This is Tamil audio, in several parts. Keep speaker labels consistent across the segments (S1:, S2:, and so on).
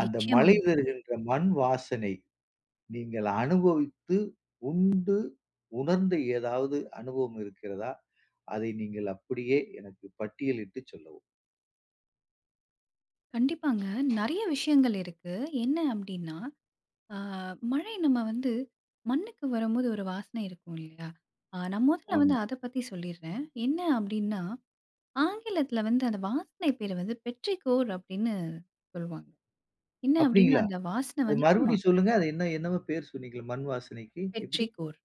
S1: அந்த மழை வருகின்ற மண் வாசனை நீங்க அனுபவித்து, உண்டு உணர்ந்து ஏதாவது அனுபவம் இருக்கிறதா? அதை நீங்கள் அப்பிடியே எனக்கு பட்டியலிட்டு சொல்லவும்.
S2: கண்டிப்பாங்க. நெறைய விஷயங்கள் இருக்கு. என்ன அப்பிடின்னா, ஆ மழை நம்ம வந்து மண்ணுக்கு வரம்போது ஒரு வாசனை இருக்கும் இல்லேங்களா! அ நான் முதல்ல வந்து
S1: ஆமா.
S2: அத பத்தி சொல்லிர்றேன். என்ன அப்பிடின்னா ஆங்கிலத்தில வந்து அந்த வாசனை பேரு வந்து பெற்றிகோர் அப்பிடின்னு சொல்லுவாங்க. என்ன அப்பிடின்னா
S1: அப்பிடிங்களா?
S2: அந்த வாசனை
S1: அது
S2: வந்து ஆமா.
S1: மறுபடியும் சொல்லுங்க. அது என்ன என்னவோ பேரு சொன்னீங்களே! மண் வாசனைக்கு எப்பிடி?
S2: பெற்றிகோர்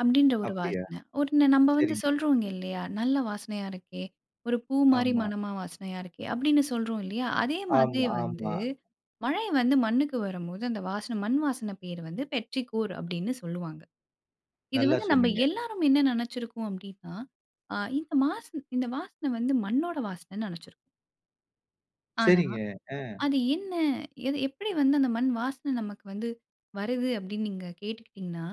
S2: அப்பிடின்ற ஒரு
S1: அப்பிடியா?
S2: வாசனை உடனே நம்ம வந்து
S1: சரிங்க.
S2: சொல்றோங்க இல்லயா! நல்ல வாசனையா இருக்கே! ஒரு பூ மாதிரி
S1: ஆமா.
S2: மனமா வாசனையா இருக்கே! அப்பிடின்னு சொல்றோம் இல்லயா! அதே
S1: ஆமா,
S2: மாதிரியே வந்து
S1: ஆமா.
S2: மழை வந்து மண்ணுக்கு வரம்போது, அந்த வாசனை மண்வாசனை பெயர் வந்து பெற்றிகோர் அப்பிடின்னு சொல்வாங்க. இது
S1: நல்லா
S2: வந்து நம்ப
S1: சொன்னீங்க.
S2: எல்லாரும் என்ன நினைச்சுருக்கோம் அப்பிடின்னா, அ இந்த வாசன, இந்த வாசனை வந்து மண்ணோட வாசனன்னு நினைச்சிருக்கோம். ஆனா,
S1: சரிங்க. அ
S2: அது என்ன எது எப்பிடி வந்து அந்த மண்வாசன நமக்கு வந்து வருது? அப்பிடின்னு நீங்க கேட்டுக்கிட்டீங்கன்னா,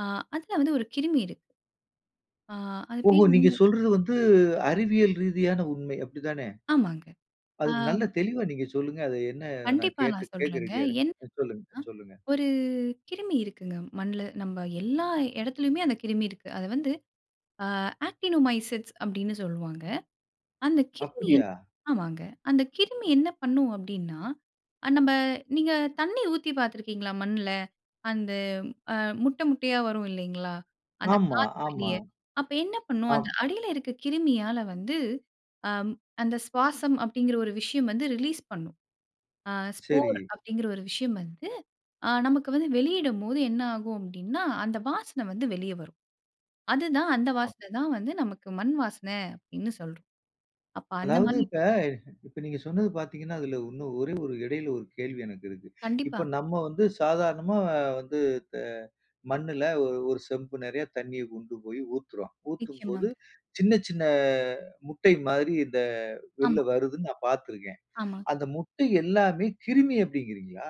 S2: ஆ, அதில வந்து ஒரு கிருமி இருக்கு. ஆ, அது
S1: ஓஹோ!
S2: பேர்
S1: நீங்க
S2: வந்து
S1: சொல்றது வந்து அறிவியல் ரீதியான உண்மை அப்பிடித்தானே!
S2: ஆமாங்க.
S1: அதுக்கு நல்ல
S2: ஆம்.
S1: தெளிவா நீங்க சொல்லுங்க. அது என்ன நான்
S2: கண்டிப்பா
S1: கேட்டு
S2: நான்
S1: கேட்க
S2: சொல்றேங்க.
S1: ரெடியா
S2: என்னன்னா,
S1: இருக்கேன். சொல்லுங்க, சொல்லுங்க.
S2: ஒரு கிருமி இருக்குங்க. மண்ணுல நம்ம எல்லா இடத்திலயுமே அந்த கிருமி இருக்கு. அத வந்து, ஆ ஆக்டினோமைசிட்ஸ் அப்பிடின்னு சொல்லுவாங்க. அந்த கிருமி
S1: அப்புடியா?
S2: ஆமாங்க. அந்த கிருமி என்ன பண்ணும் அப்பிடின்னா, அ நம்ப நீங்க தண்ணி ஊத்தி பார்த்துருக்கீங்களா மண்ல? அந்த ஆ முட்ட, முட்டையா வரும் இல்லேங்களா! அந்த
S1: ஆமா,
S2: காற்று
S1: ஆமா.
S2: வெளிய அப்ப என்ன பண்ணும்
S1: ஆம்.
S2: அந்த அடியில இருக்க கிருமியால வந்து, ஆம் அந்த சுவாசம் அப்பிடிங்கிற ஒரு விஷயம் வந்து ரிலீஸ் பண்ணும். ஆ ஸ்போர்
S1: சரி.
S2: அப்பிடிங்கிற ஒரு விஷயம் வந்து அ நமக்கு வந்து வெளியிடும் போது என்ன ஆகும் அப்பிடின்னா, அந்த வாசனை வந்து வெளிய வரும். அதுதான் அந்த
S1: ஆம்.
S2: வாசன தான் வந்து நமக்கு மண்வாசனை, அப்பிடின்னு சொல்றோம். அப்ப
S1: அதாவது
S2: அந்தமாரி
S1: இப்ப, இப்ப நீங்க சொன்னது பார்த்தீங்கன்னா, அதில இன்னும் ஒரே ஒரு இடையில ஒரு கேள்வி எனக்கு இருக்கு. இப்ப
S2: கண்டிப்பா.
S1: நம்ம வந்து சாதாரணமா வந்து த மண்ணுல ஒ ஒரு செம்பு நெறைய தண்ணிய கொண்டுபோய் ஊத்துறோம். ஊத்தும்போது
S2: நிச்சயமாங்க.
S1: சின்ன, சின்ன முட்டை மாதிரி இந்த வெளில
S2: ஆமா.
S1: வருதுன்னு நான் பார்த்துருக்கேன்.
S2: ஆமா.
S1: அந்த முட்டை எல்லாமே கிருமி அப்பிடின்கிறீங்களா?